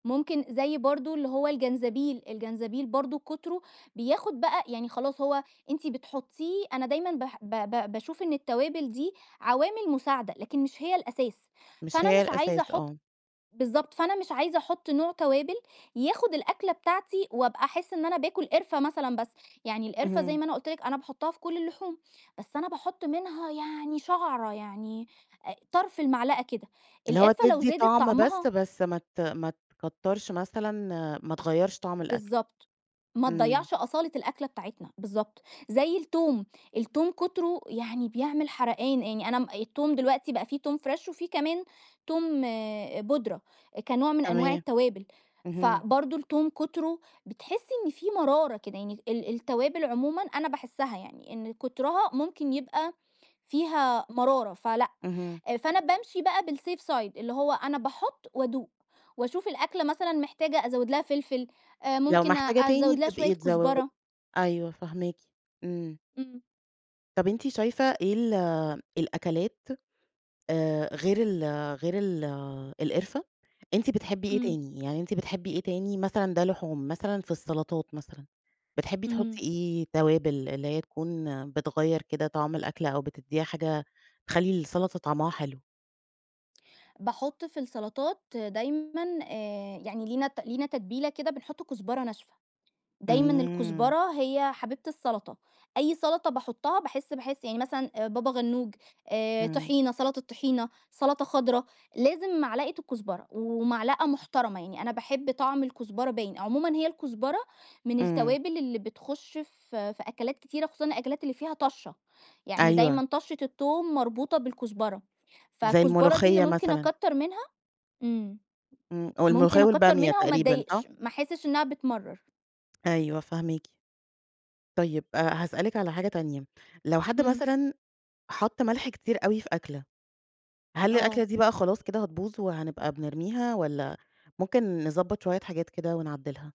ممكن زي برضه اللي هو الجنزبيل، الجنزبيل برضه كتره بياخد بقى يعني خلاص هو أنتِ بتحطّيه أنا دايمًا بح ب ب باشوف إن التوابل دي عوامل مساعدة، لكن مش هي الأساس، مش فأنا هي مش عايزة الأساس، أحطّ آه. بالضبط فأنا مش عايزة أحطّ نوع توابل ياخد الأكلة بتاعتي وأبقى أحسّ إن أنا باكل قرفة مثلًا بس، يعني القرفة- زي اهم. ما أنا قلت لكِ- أنا باحطّها في كل اللحوم، بس أنا باحطّ منها يعني شعرة يعني طرف المعلقة كده، اللي هو القرفة لو تدي زادت طعم بس، طعمها بس ما ت ما تكترش مثلًا، ما تغيّرش طعم الأكل. بالضبط. ما إمم. تضيّعش أصالة الأكلة بتاعتنا، بالضبط، زي التوم، التوم كتره يعني بيعمل حرقان، يعني أنا م التوم دلوقتي بقى في توم فريش وفي كمان توم بودرة، كنوع من أنواع تمام. التوابل، اهم. فبرضه التوم كتره بتحسّي إن في مرارة كده يعني، ال التوابل عمومًا أنا باحسّها يعني إن كترها ممكن يبقى فيها مرارة، فلأ، اهم. فأنا بامشي بقى بالSafe side اللي هو أنا باحطّ وأدوق وأشوف الأكلة مثلًا محتاجة أزود لها فلفل، لو ممكن محتاجة تاني أزوّد لها شوية بتبقي تزوّد كزبرة. أيوه فاهماكِ إمم. امم. طب أنتِ شايفة إيه ال الأكلات غير ال غير ال القرفة؟ أنتِ بتحبي إيه امم. تاني، يعني أنتِ بتحبي إيه تاني؟ مثلًا ده لحوم مثلًا في السلطات مثلًا، بتحبي امم. تحطّي إيه توابل اللي هي تكون بتغيّر كده طعم الأكل أو بتديها حاجة تخلي السلطة طعمها حلو؟ باحطّ في السلطات دايمًا، آآ، يعني لينا لينا تتبيلة كده بنحطّ كزبرة ناشفة. دايمًا امم. الكزبرة هي حبيبة السلطة، أي سلطة باحطّها باحس-باحس يعني مثلًا بابا غنوج، امم. طحينة، سلطة طحينة، سلطة خضرا، لازم معلقة الكزبرة ومعلقة محترمة يعني، أنا باحب طعم الكزبرة باين، عمومًا هي الكزبرة من إمم. التوابل اللي بتخش في في أكلات كتيرة خصوصًا الأكلات اللي فيها طشَّة، يعني أيوه. دايمًا طشَّة التوم مربوطة بالكزبرة، زي فالكزبرة دي اللي الملوخية ممكن مثلًا. أكتر منها امم، امم والملوخية ممكن أكتر والبامية منها وما تقريبًا أتضايقش، صح؟ ما أحسّش إنها بتمرّر. أيوه فاهماكِ. طيب هاسألِك على حاجة تانية، لو حد امم. مثلًا حطّ ملح كتير أوي في أكلة، هل آه. الأكلة دي بقى خلاص كده هتبوظ وهنبقى بنرميها، والّا ممكن نضبط شوية حاجات كده ونعدّلها؟